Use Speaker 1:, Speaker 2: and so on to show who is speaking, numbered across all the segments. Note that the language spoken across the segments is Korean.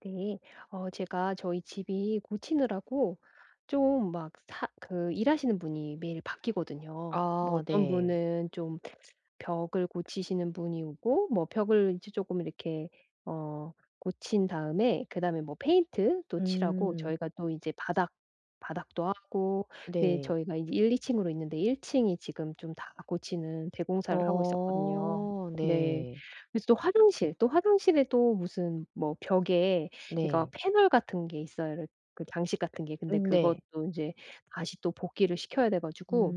Speaker 1: 네. 어 제가 저희 집이 고치느라고 좀 막 사 그 일 하시는 분이 매일 바뀌거든요. 뭐
Speaker 2: 아
Speaker 1: 어떤
Speaker 2: 네.
Speaker 1: 분은 좀 벽을 고치시는 분이 오고 뭐 벽을 이제 쪼끔 이렇게 어 고친 다음에 그다음에 뭐 페인트도 칠하고
Speaker 2: 음.
Speaker 1: 저희가 또 이제 바닥 바닥도 하고 네
Speaker 2: 네.
Speaker 1: 저희가 이제 1-2 층으로 있는데 1 층이 지금 좀 다 고치는 대공사를 하고 있었거든요.
Speaker 2: 어
Speaker 1: 네.
Speaker 2: 네.
Speaker 1: 그래서 또 화장실 또 화장실에 또 무슨 뭐 벽에 이거
Speaker 2: 네.
Speaker 1: 패널 같은 게 있어요, 이렇 그 장식 같은 게. 근데
Speaker 2: 음 네.
Speaker 1: 그것도 인제 다시 또 복귀를 시켜야 돼 가지고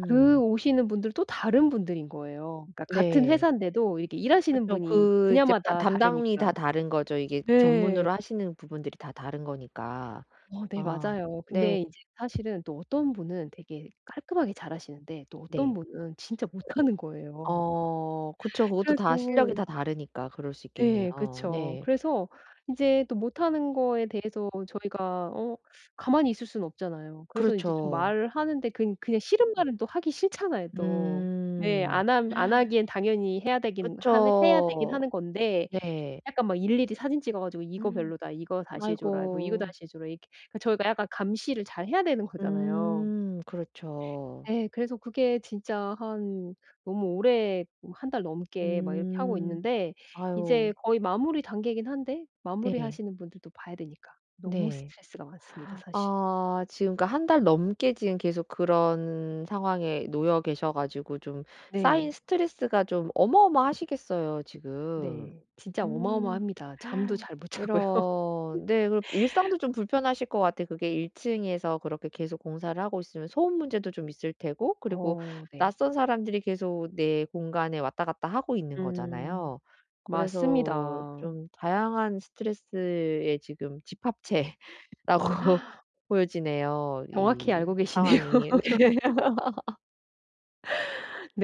Speaker 1: 그 오시는 분들도 다른 분들인 거예요. 그러니까 같은
Speaker 2: 네.
Speaker 1: 회사인데도 이렇게 일하시는
Speaker 2: 그쵸.
Speaker 1: 분이
Speaker 2: 그 이제 따
Speaker 1: 분야마다
Speaker 2: 담당이
Speaker 1: 다르니까.
Speaker 2: 다 다른 거죠 이게
Speaker 1: 네.
Speaker 2: 전문으로 하시는 부분들이 다 다른 거니까.
Speaker 1: 어 네
Speaker 2: 아
Speaker 1: 맞아요.
Speaker 2: 네.
Speaker 1: 근데 이제 사실은 또 어떤 분은 되게 깔끔하게 잘하시는데 또 어떤
Speaker 2: 네.
Speaker 1: 분은 진짜 못하는 거예요.
Speaker 2: 어 그쵸 그것도
Speaker 1: 그래서
Speaker 2: 다 실력이 다 다르니까 그럴 수
Speaker 1: 네
Speaker 2: 있겠네요.
Speaker 1: 그쵸.
Speaker 2: 네.
Speaker 1: 그래서 이제 또 못하는 거에 대해서 저희가 어 가만히 있을 수는 없잖아요. 그래서 이제 좀
Speaker 2: 그렇죠.
Speaker 1: 말하는데 근 그냥 싫은 말은 또 하기 싫잖아요 또. 네.
Speaker 2: 음.
Speaker 1: 안 하 안 하기에는 당연히 해야 되기는 한 해야 되기는
Speaker 2: 그쵸.
Speaker 1: 하는 건데
Speaker 2: 네.
Speaker 1: 약간 막 일일이 사진 찍어 가지고 "이거 별로다. 이거 다시 해 줘라." 뭐 "이거
Speaker 2: 아이고.
Speaker 1: 다시 해 줘라." 이렇게 그 저희가 약간 감시를 잘해야 되는 거잖아요.
Speaker 2: 음 그렇죠.
Speaker 1: 예. 그래서 그게 진짜 한 너무 오래 뭐 1 달 넘게 막 이렇게 하고
Speaker 2: 음.
Speaker 1: 있는데 이제
Speaker 2: 아유.
Speaker 1: 거의 마무리 단계이기는 한데
Speaker 2: 네.
Speaker 1: 마무리하시는 분들도 봐야 되니까 너무
Speaker 2: 네.
Speaker 1: 스트레스가 많습니다 사실.
Speaker 2: 아 지금 그러니까 1 달 넘게 지금 계속 그런 상황에 놓여 계셔 가지고 좀 쌓인
Speaker 1: 네.
Speaker 2: 스트레스가 좀 어마어마하시겠어요 지금.
Speaker 1: 네. 진짜
Speaker 2: 음.
Speaker 1: 어마어마합니다. 잠도 잘 못 자고요.
Speaker 2: 이런. 네 그리고 일상도 좀 불편하실 것 같아요. 그게 1 층에서 그렇게 계속 공사를 하고 있으면 소음 문제도 좀 있을 테고 그리고
Speaker 1: 어 네.
Speaker 2: 낯선 사람들이 계속 내 공간에 왔다 갔다 하고 있는
Speaker 1: 음.
Speaker 2: 거잖아요. 그래서
Speaker 1: 맞습니다.
Speaker 2: 좀 다양한 스트레스의 지금 집합체라고 보여지네요
Speaker 1: 정확히
Speaker 2: 이
Speaker 1: 알고 계시네요.
Speaker 2: 상황이. 네.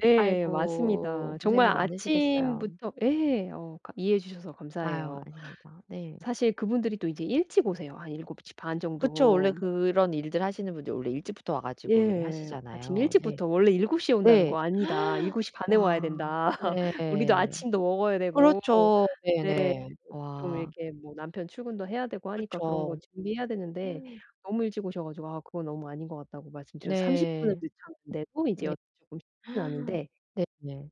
Speaker 1: 네 맞습니다.
Speaker 2: 아이고
Speaker 1: 정말
Speaker 2: 고생이 많으시겠어요.
Speaker 1: 아침부터 예 어 가 이해해 주셔서
Speaker 2: 아유
Speaker 1: 감사해요.
Speaker 2: 아닙니다. 네.
Speaker 1: 사실 그분들이 또 이제 일찍 오세요 한 7:30
Speaker 2: 그쵸. 원래
Speaker 1: 정도.
Speaker 2: 그런 일들 하시는 분들이 원래 일찍부터 와 가지고 왜
Speaker 1: 예. 아침
Speaker 2: 하시잖아요. 네.
Speaker 1: 일찍부터 원래 7:00 에 온다는
Speaker 2: 네.
Speaker 1: 거 "아니다. 일곱 시 반 에 와야
Speaker 2: 와.
Speaker 1: 된다. 우리도
Speaker 2: 네.
Speaker 1: 아침도 먹어야 되고."
Speaker 2: 그렇죠.
Speaker 1: 네.
Speaker 2: 네네.
Speaker 1: 좀
Speaker 2: 와.
Speaker 1: 이렇게 뭐 남편 출근도 해야 되고 하니까 그런 거
Speaker 2: 그쵸.
Speaker 1: 준비해야 되는데 너무 일찍 오셔 가지고 "아 그건 너무 아닌 것 같다."고 말씀드려서 30 분을
Speaker 2: 네.
Speaker 1: 늦췄는데도 이제
Speaker 2: 네.
Speaker 1: 어 조금 쉽지는 않은데
Speaker 2: 네네.